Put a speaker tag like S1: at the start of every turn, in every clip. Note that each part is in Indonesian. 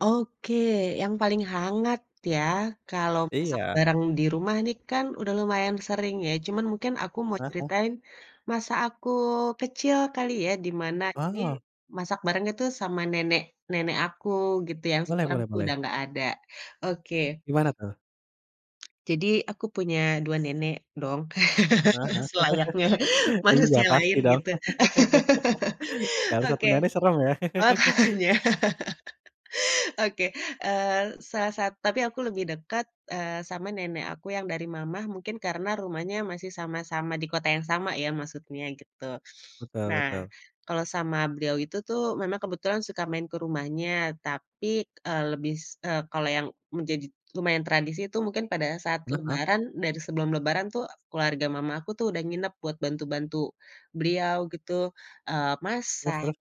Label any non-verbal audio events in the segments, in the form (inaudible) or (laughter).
S1: Oke, yang paling hangat ya, kalau masak
S2: Iya.
S1: bareng di rumah nih kan, udah lumayan sering ya, cuman mungkin aku mau
S2: Hah hah?
S1: ceritain masa aku kecil kali ya, di mana ini,
S2: Oh.
S1: masak barengnya tuh sama nenek nenek aku gitu, yang
S2: Boleh
S1: sekarang
S2: boleh
S1: tuh
S2: boleh.
S1: udah nggak ada. Oke.
S2: Gimana tuh?
S1: Jadi aku punya 2 nenek, dong, (laughs)
S2: Heeh heeh,
S1: selayaknya
S2: (laughs) Iya
S1: manusia
S2: pasti
S1: lain,
S2: dong.
S1: gitu.
S2: (laughs)
S1: (laughs)
S2: Kalau 1
S1: Oke.
S2: nenek serem ya? (laughs)
S1: Makanya, Oke, eee, salah sa tapi aku lebih dekat, eee, sama nenek aku yang dari mama, mungkin karena rumahnya masih sama-sama di kota yang sama ya, maksudnya gitu.
S2: Betul
S1: Nah,
S2: betul.
S1: kalau sama beliau itu tuh, memang kebetulan suka main ke rumahnya, tapi, eee, lebih, s eee, kalau yang menjadi lumayan tradisi itu mungkin pada saat
S2: Kenapa?
S1: lebaran, dari sebelum lebaran tuh, keluarga mamaku tuh udah nginep buat bantu bantu beliau gitu, eee,
S2: Terus
S1: masak
S2: terus.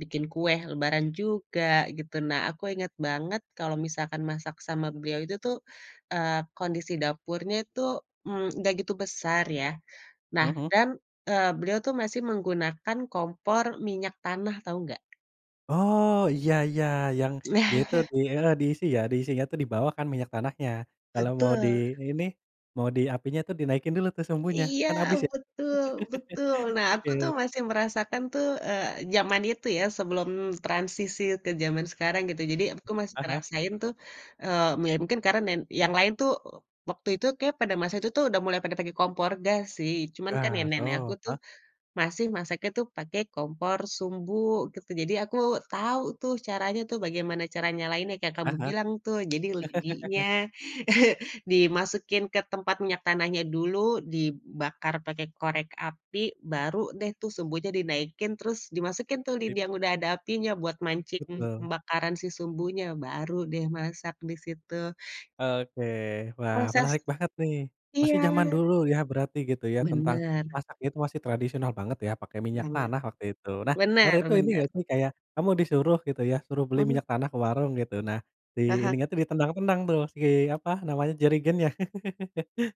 S1: bikin kue lebaran juga, gitu. Nah, aku inget banget kalau misalkan masak sama beliau itu tuh, eee, kondisi dapurnya itu, mmm, nggak gitu besar ya, nah
S2: Mhm.
S1: dan, eee, beliau tuh masih menggunakan kompor minyak tanah tau nggak?
S2: Oh, iya iya, yang dia itu
S1: (chuckles)
S2: di heeh, diisi ya, diisinya itu di bawah kan minyak tanahnya. Kalau mau di
S1: Betul
S2: ini, mau di apinya tuh dinaikin dulu tuh sumbunya.
S1: Iya,
S2: Kan habis ya.
S1: betul betul, nah
S2: (laughs) Oke.
S1: aku tuh masih merasakan tuh, eee, zaman itu ya, sebelum transisi ke zaman sekarang gitu. Jadi aku masih
S2: Heeh heeh.
S1: ngerasain tuh, eee, ya mungkin karena nen yang lain tuh, e waktu itu kayak pada masa itu tuh udah mulai pada pake kompor gas sih, cuman kan
S2: Gas,
S1: nenek nek aku
S2: oh
S1: tuh,
S2: eh?
S1: masih masaknya tuh pake kompor sumbu, gitu. Jadi aku tau tuh caranya tuh bagaimana cara nyalainnya, kayak kamu
S2: Heeh heeh.
S1: bilang tuh, jadi
S2: (laughs)
S1: lidinya, (chuckles) dimasukin ke tempat minyak tanahnya dulu, dibakar pakai korek api, baru deh tuh sumbunya dinaikin terus dimasukin tuh lidi yang udah ada apinya, buat mancing
S2: Betul.
S1: pembakaran si sumbunya, baru deh masak di situ.
S2: Oke, wah
S1: Masak
S2: menarik banget nih. Masih
S1: iya.
S2: zaman dulu ya, berarti gitu ya, tentang
S1: Benar.
S2: masak itu masih tradisional banget ya, pakai minyak
S1: Banget,
S2: tanah waktu itu. Nah, waktu
S1: benar
S2: itu ini
S1: benar.
S2: nggak sih kayak, kamu disuruh gitu ya, suruh beli
S1: Mhm.
S2: minyak tanah ke warung gitu. Nah, di
S1: Aha.
S2: ininya tuh ditendang-tendang tuh, si apa, namanya, jerigennya. (laughs)